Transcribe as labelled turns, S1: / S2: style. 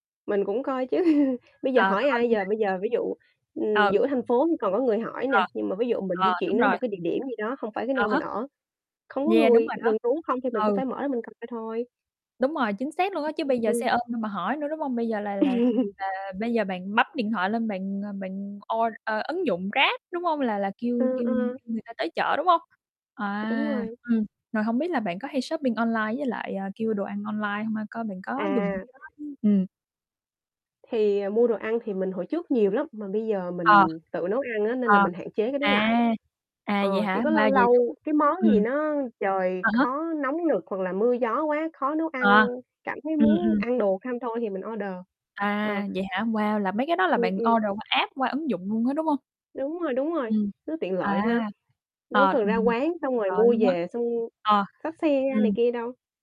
S1: Mình cũng coi chứ, bây giờ
S2: À,
S1: hỏi
S2: coi
S1: ai
S2: luôn hả?
S1: giờ? Bây giờ, ví dụ, ừm,
S2: Ừ.
S1: giữa thành phố thì còn có người hỏi nè,
S2: Ờ.
S1: nhưng mà ví dụ mình
S2: Ờ,
S1: di chuyển
S2: đúng
S1: đến
S2: rồi.
S1: một cái địa điểm gì đó không phải cái
S2: Ờ
S1: nơi mình
S2: ha.
S1: ở, không có
S2: Yeah, đúng
S1: người,
S2: rồi đó.
S1: rừng rú không thì mình cũng
S2: Ừ.
S1: phải mở ra mình coi thôi.
S2: Đúng rồi, chính xác luôn á. Chứ
S1: Ừ,
S2: bây giờ xe
S1: ừm.
S2: ôm đâu mà hỏi nữa, đúng hông? Bây giờ là là là bây giờ bạn bấm điện thoại lên bạn, ờ, bạn o ơ, ứng dụng Grab, đúng hông? Là là kêu
S1: Ừ,
S2: kêu
S1: ờ.
S2: kêu người ta tới chở, đúng hông?
S1: Đúng
S2: À,
S1: rồi.
S2: ừm, rồi hông biết là bạn có hay shopping online với lại, ờ, kêu đồ ăn online hông ha? Coi bạn có dùng
S1: À.
S2: cái app ừm.
S1: Thì, ờ, mua đồ ăn thì mình hồi trước nhiều lắm, mà bây giờ
S2: Ờ.
S1: mình tự nấu ăn á, nên
S2: Ờ.
S1: là mình hạn chế cái đó
S2: À.
S1: lại.
S2: À, vậy
S1: Ờ, chỉ
S2: hả?
S1: có lâu
S2: Wow! Vậy đúng
S1: lâu
S2: hông?
S1: cái món gì
S2: Ừm.
S1: nó trời
S2: Ờ ha.
S1: khó nóng nực hoặc là mưa gió quá, khó nấu
S2: Ờ.
S1: ăn, cảm thấy
S2: Ừm,
S1: muốn
S2: ừm.
S1: ăn đồ không thôi thì mình order. Ờ.
S2: À, vậy hả? Wow. Là mấy cái đó là
S1: Ừm,
S2: bạn
S1: ừm.
S2: order qua app, qua ứng dụng luôn á, đúng hông?
S1: Đúng rồi, đúng rồi,
S2: Ừm,
S1: nó tiện
S2: à.
S1: lợi ha. Đâu
S2: Ờ,
S1: có cần ra
S2: mình thấy
S1: quán,
S2: nó
S1: xong
S2: tuyệt
S1: rồi
S2: vời
S1: mua
S2: luôn á.
S1: về, xong
S2: Ờ,
S1: xách xe ra này
S2: ừm.
S1: kia đâu.